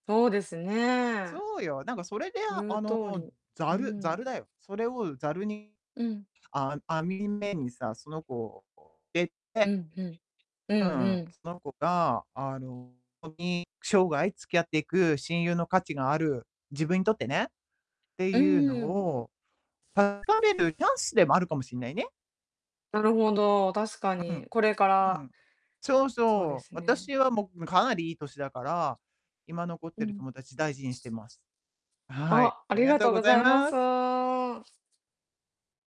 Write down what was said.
そうですね。そうよ、なんかそれであ言うあの、通りざうるざるん。だよ。それをざるにうん。あ網目にさ、その子をでうてん、ふん。ううんうん、ん。その子があの、ほんとに生涯付き合っていく親友の価値のある自分にとってね、ってういうのん。を、確かめるチャンスでもあるかもしんないね。なるほど、確かうに、ん。これかうらん。そうそうでそう、すね。私はもうかなりいい歳だから、今残っうてるん。友達大事にしてます。はい、あ、あありりががとうとうごございざいまます。す。